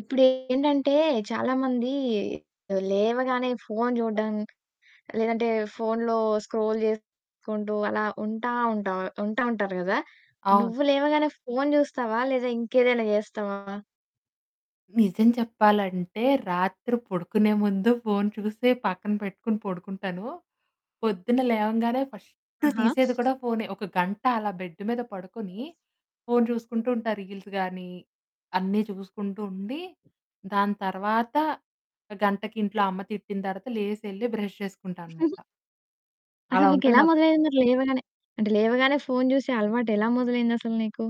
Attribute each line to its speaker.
Speaker 1: ఇప్పుడేంటంటే చాలా మంది లేవగానే ఫోను చూడడం, లేదంటే ఫోనులో స్క్రోల్ జేసుకుంటూ అలా ఉంటా, ఉంట్ ఉంటా ఉంటారు కదా!
Speaker 2: అవును.
Speaker 1: నువ్వు లేవగానే ఫోను జూస్తావా లేదా ఇంకేదైనా జేస్తావా?
Speaker 2: నిజం చెప్పాలంటే రాత్రి పడుకునే ముందు ఫోను చూసే పక్కన పెట్టుకొని పడుకుంటాను. పొద్దున్న లేవంగానే ఫస్ట్
Speaker 1: ఆహా!
Speaker 2: తీసేది కూడా ఫోనే. ఒక గంట అలా బెడ్డు మీద పడుకుని ఫోను చూసుకుంటూ ఉంటా. రీల్స్ గాని అన్నీ చూసుకుంటూ ఉండి, దాని తర్వాత గంటకి ఇంట్లో అమ్మ తిట్టిన తర్వాత లేసెళ్లి బ్రష్ చేసుకుంటాననమాట. అలా
Speaker 1: అసలు
Speaker 2: ఉంటది
Speaker 1: నీకెలా
Speaker 2: నా పరిస్థితి.
Speaker 1: మొదలయింది లేవగానే అంటే లేవగానే ఫోను జూసే అలవాటేలా మొదలైందసలు నీకు?